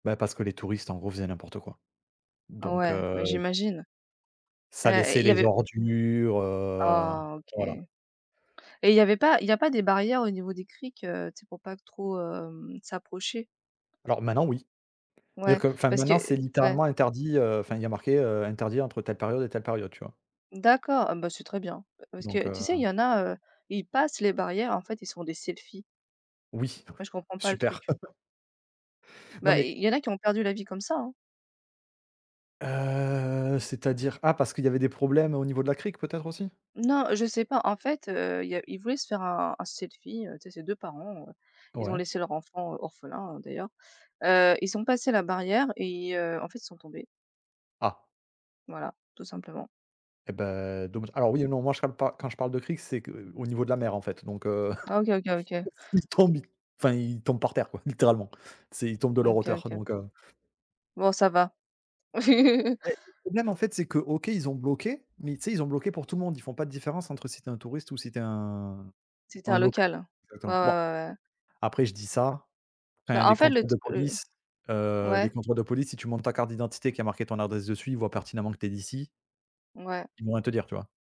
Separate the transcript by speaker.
Speaker 1: Bah, parce que les touristes, en gros, faisaient n'importe quoi.
Speaker 2: Ah
Speaker 1: Donc,
Speaker 2: ouais, bah,
Speaker 1: heu
Speaker 2: j'imagine
Speaker 1: ça
Speaker 2: et
Speaker 1: laissait
Speaker 2: il y
Speaker 1: les
Speaker 2: avait
Speaker 1: ordures, heu
Speaker 2: Oh OK.
Speaker 1: voilà.
Speaker 2: Et il y avait pas il y a pas des barrières au niveau des criques, heu, tu sais, pour pas trop, hem, s'approcher?
Speaker 1: Alors maintenant oui. Dire
Speaker 2: Ouais,
Speaker 1: que enfin
Speaker 2: parce que
Speaker 1: maintenant c'est
Speaker 2: ouais.
Speaker 1: littéralement interdit, heu, enfin il y a marqué, heu: «Interdit entre telle période et telle période», tu vois?
Speaker 2: D'accord, ah bah, c'est très bien. Parce
Speaker 1: Donc
Speaker 2: que, tu sais, il
Speaker 1: heu
Speaker 2: y en a, heu, ils passent les barrières, en fait, ils se font des selfies
Speaker 1: Oui,
Speaker 2: moi, je comprends pas le truc.
Speaker 1: super. Non
Speaker 2: Bah, i
Speaker 1: mais
Speaker 2: i il y en a qui ont perdu la vie comme ça.
Speaker 1: Heu, c'est-à-dire? Pas parce qu'il y avait des problèmes au niveau de la crique peut-être aussi?
Speaker 2: Non, heu, je sais pas, en fait, heu, il y a ils voulaient se faire, un un selfie, tu sais. Ces 2 parents, ils ont
Speaker 1: Ouais.
Speaker 2: laissé leur enfant orphelin, d'ailleurs. Heu, ils ont passé la barrière et heu, en fait, ils sont tombés.
Speaker 1: Ah!
Speaker 2: Voilà, tout simplement.
Speaker 1: Eh beh.
Speaker 2: Mmh.
Speaker 1: Donc alors oui, non, moi, je parle pas quand je parle de crique, c'est qu'au niveau de la mer, en fait. Donc, heu,
Speaker 2: OK, OK, OK.
Speaker 1: ils tombent, enfin ils tombent par terre quoi, littéralement. C'est ils tombent de leur
Speaker 2: OK,
Speaker 1: hauteur
Speaker 2: OK.
Speaker 1: donc, heu
Speaker 2: Bon ça va.
Speaker 1: Et mais même, en fait, c'est que OK, ils ont bloqué, mais tu sais, ils ont bloqué pour tout le monde, ils font pas de différence entre si tu es un touriste ou si tu es un
Speaker 2: Si tu as
Speaker 1: un
Speaker 2: un
Speaker 1: loc
Speaker 2: local. Ouais, ouais,
Speaker 1: attends, bon,
Speaker 2: ouais, ouais.
Speaker 1: après je dis ça, enfin,
Speaker 2: Bah, en
Speaker 1: les
Speaker 2: fait le
Speaker 1: contrôles
Speaker 2: tr
Speaker 1: de
Speaker 2: le
Speaker 1: police, heu, les
Speaker 2: ouais.
Speaker 1: contrôles de police, si tu montres ta carte d'identité, qu'il y a marqué ton adresse dessus, ils voient pertinemment que tu es d'ici
Speaker 2: Ouais.
Speaker 1: ils vont rien te dire, tu vois?